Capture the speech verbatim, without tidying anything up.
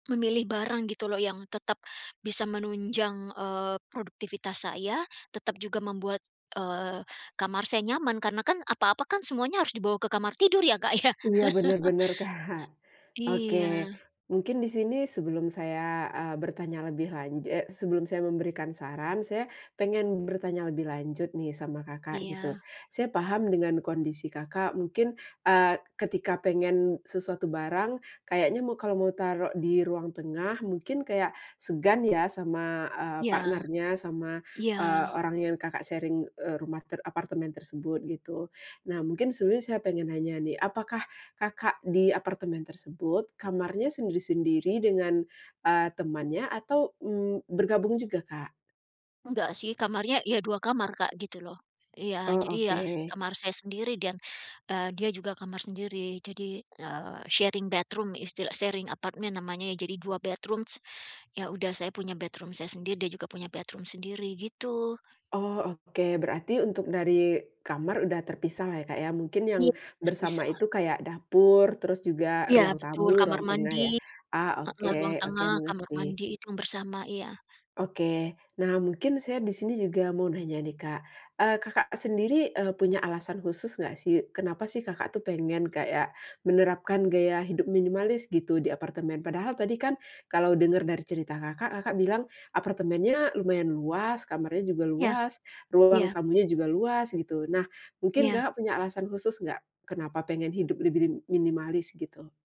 Memilih barang gitu loh yang tetap, bisa menunjang, eee, produktivitas saya tetap juga membuat, eee, kamar saya nyaman karena kan apa-apa kan semuanya harus dibawa ke kamar tidur ya Kak ya? Iya bener bener Kak, oke, Iya. mungkin di sini sebelum saya, eee, bertanya lebih lan eee, sebelum saya memberikan saran saya pengen bertanya lebih lanjut nih sama Kakak gitu. Iya. Saya paham dengan kondisi Kakak mungkin, eee, ketika pengen sesuatu barang kayaknya mau kalo mau taruh di ruang tengah mungkin kayak segan ya sama, eee, Iya, partnernya sama, iya. eee, orang yang Kakak sharing, eee, rumah ter apartemen tersebut gitu. Nah mungkin sebenernya saya pengen nanya nih apakah Kakak di apartemen tersebut kamarnya sendiri-sendiri dengan, eee, temannya atau, mmm, bergabung juga Kak? Enggak sih kamarnya ya dua kamar Kak gitu loh, iya Oh jadi ya oke. kamar saya sendiri dan, eee, dia juga kamar sendiri jadi, eee, sharing bedroom istilah sharing apartemen namanya jadi dua bedrooms ya udah saya punya bedroom saya sendiri dia juga punya bedroom sendiri gitu. Oh oke berarti untuk dari kamar udah terpisah lah ya Kak ya, mungkin yang Iya bersama terpisah. itu kayak dapur terus juga Iya ruang betul tamu, kamar ruang tengah mandi, ya, ah, oke heeh, ruang oke tengah kamar mengerti. mandi itu bersama iya. Oke, nah mungkin saya di sini juga mau nanya nih Kak, eee, Kakak sendiri, eee, punya alasan khusus gak sih kenapa sih Kakak tuh pengen kayak menerapkan gaya hidup minimalis gitu di apartemen padahal tadi kan kalo denger dari cerita Kakak, Kakak bilang apartemennya lumayan luas kamarnya juga Ya, luas, ruang iya. tamunya juga luas gitu nah mungkin Iya. Kakak punya alasan khusus gak, kenapa pengen hidup lebih rim minimalis gitu?